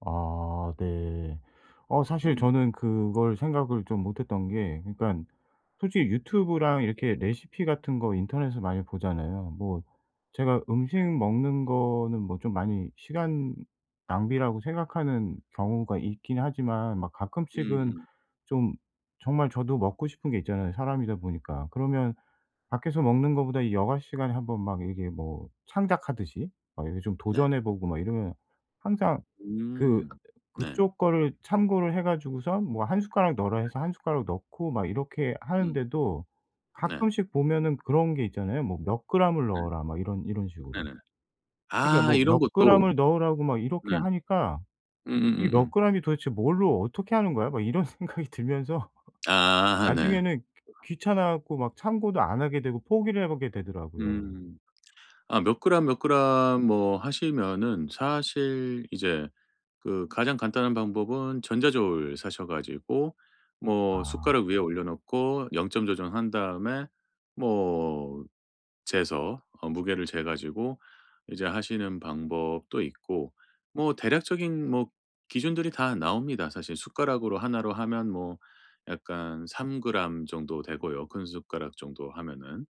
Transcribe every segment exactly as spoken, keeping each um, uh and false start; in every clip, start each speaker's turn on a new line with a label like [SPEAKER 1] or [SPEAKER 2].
[SPEAKER 1] 아. 네. 어 사실
[SPEAKER 2] 음.
[SPEAKER 1] 저는 그걸 생각을 좀 못했던 게 그니깐 솔직히 유튜브랑 이렇게 레시피 같은 거 인터넷에서 많이 보잖아요. 뭐 제가 음식
[SPEAKER 2] 예.
[SPEAKER 1] 먹는 거는 뭐 좀 많이 시간 낭비라고 생각하는 경우가 있긴 하지만 막 가끔씩은
[SPEAKER 2] 음음.
[SPEAKER 1] 좀 정말 저도 먹고 싶은 게 있잖아요 사람이다 보니까. 그러면 밖에서 먹는 거보다 이 여가 시간에 한번 막 이게 뭐 창작하듯이 막 이렇게 좀
[SPEAKER 2] 네.
[SPEAKER 1] 도전해 보고 막 이러면 항상 그
[SPEAKER 2] 음. 네.
[SPEAKER 1] 그쪽 거를 참고를 해 가지고서 뭐 한 숟가락 넣어라
[SPEAKER 2] 네.
[SPEAKER 1] 해서 한 숟가락 넣고 막 이렇게
[SPEAKER 2] 음.
[SPEAKER 1] 하는데도
[SPEAKER 2] 네.
[SPEAKER 1] 가끔씩 보면은 그런 게 있잖아요. 뭐 "몇 그램을
[SPEAKER 2] 네.
[SPEAKER 1] 넣어라." 막 이런 이런 식으로.
[SPEAKER 2] 네네.
[SPEAKER 1] 그러니까
[SPEAKER 2] 아.
[SPEAKER 1] 뭐
[SPEAKER 2] 이런
[SPEAKER 1] 몇
[SPEAKER 2] 것도.
[SPEAKER 1] 그램을 넣으라고 막 이렇게
[SPEAKER 2] 네.
[SPEAKER 1] 하니까 '이 몇
[SPEAKER 2] 음음음음.
[SPEAKER 1] 그램이 도대체 뭘로 어떻게 하는 거야?' 막 이런 생각이 들면서
[SPEAKER 2] 아. 네.
[SPEAKER 1] 나중에는 귀 귀찮아 갖고 막 참고도 안 하게 되고 포기를 하게 되더라고요.
[SPEAKER 2] 음. 아 몇 그램 몇 그램 뭐 하시면은 사실 이제 그 가장 간단한 방법은 전자저울 사셔 가지고 뭐
[SPEAKER 1] 아.
[SPEAKER 2] 숟가락 위에 올려놓고 영 점 조정한 다음에 뭐 재서 어 무게를 재 가지고 이제 하시는 방법도 있고. 뭐 대략적인 뭐 기준들이 다 나옵니다. 사실 숟가락으로 하나로 하면 뭐 약간 삼 그램 정도 되고요 큰 숟가락 정도 하면은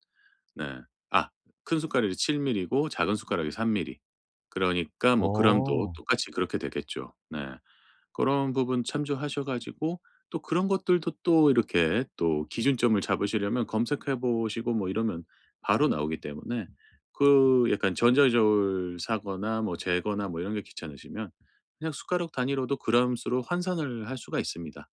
[SPEAKER 2] 네. 아 큰 숟가락이 칠 밀리 고 작은 숟가락이 삼 밀리 그러니까 뭐 그램도
[SPEAKER 1] 어.
[SPEAKER 2] 똑같이 그렇게 되겠죠. 네. 그런 부분 참조하셔 가지고 또 그런 것들도 또 이렇게 또 기준점을 잡으시려면 검색해 보시고 뭐 이러면 바로 나오기 때문에 그 약간 전자저울 사거나 뭐 재거나 뭐 이런 게 귀찮으시면 그냥 숟가락 단위로도 그램 수로 환산을 할 수가 있습니다.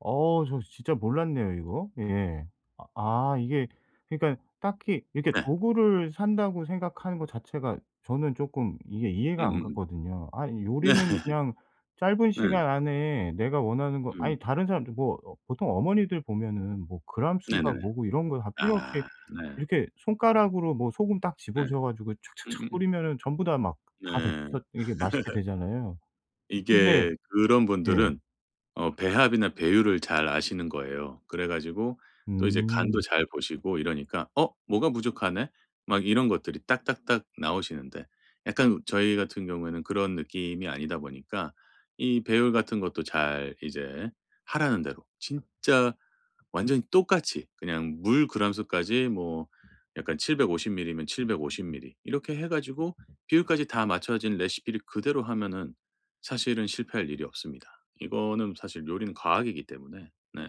[SPEAKER 1] 어. 저 진짜 몰랐네요 이거. 예. 아 아 이게 그러니까 딱히 이렇게
[SPEAKER 2] 네.
[SPEAKER 1] 도구를 산다고 생각하는 거 자체가 저는 쪼끔 이해 이해가 안
[SPEAKER 2] 음음음.
[SPEAKER 1] 갔거든요. 아
[SPEAKER 2] 네.
[SPEAKER 1] 요리는 그냥 짧은
[SPEAKER 2] 네.
[SPEAKER 1] 시간 안에 내가 원하는 거 아니
[SPEAKER 2] 음.
[SPEAKER 1] 다른 사람들 뭐 어 보통 어머니들 보면은 뭐 그램 수가
[SPEAKER 2] 네네.
[SPEAKER 1] 뭐고 이런 거 다 필요 없이
[SPEAKER 2] 아. 네.
[SPEAKER 1] 이렇게 손가락으로 뭐 소금 딱
[SPEAKER 2] 네.
[SPEAKER 1] 집으셔 가지고 착착착
[SPEAKER 2] 음음음.
[SPEAKER 1] 뿌리면은 전부 다 막 다
[SPEAKER 2] 네.
[SPEAKER 1] 됐어 이게 맛있게 되잖아요. 근데
[SPEAKER 2] 이게 그런
[SPEAKER 1] 예.
[SPEAKER 2] 분들은 어 배합이나 배율을 잘 아시는 거예요. 그래 가지고 또 이제 간도
[SPEAKER 1] 음.
[SPEAKER 2] 잘 보시고 이러니까 '어 뭐가 부족하네?' 막 이런 것들이 딱딱딱 나오시는데 약간 우 저희 같은 경우에는 그런 느낌이 아니다 보니까 이 배율 같은 것도 잘 이제 하라는 대로 진짜 완전히 똑같이 그냥 물 그램 수까지 뭐 약간 칠백오십 밀리 면 칠백오십 밀리 이렇게 해 가지고 비율까지 다 맞춰진 레시피를 그대로 하면은 사실은 실패할 일이 없습니다. 이거는 사실 요리는 과학이기 때문에. 네.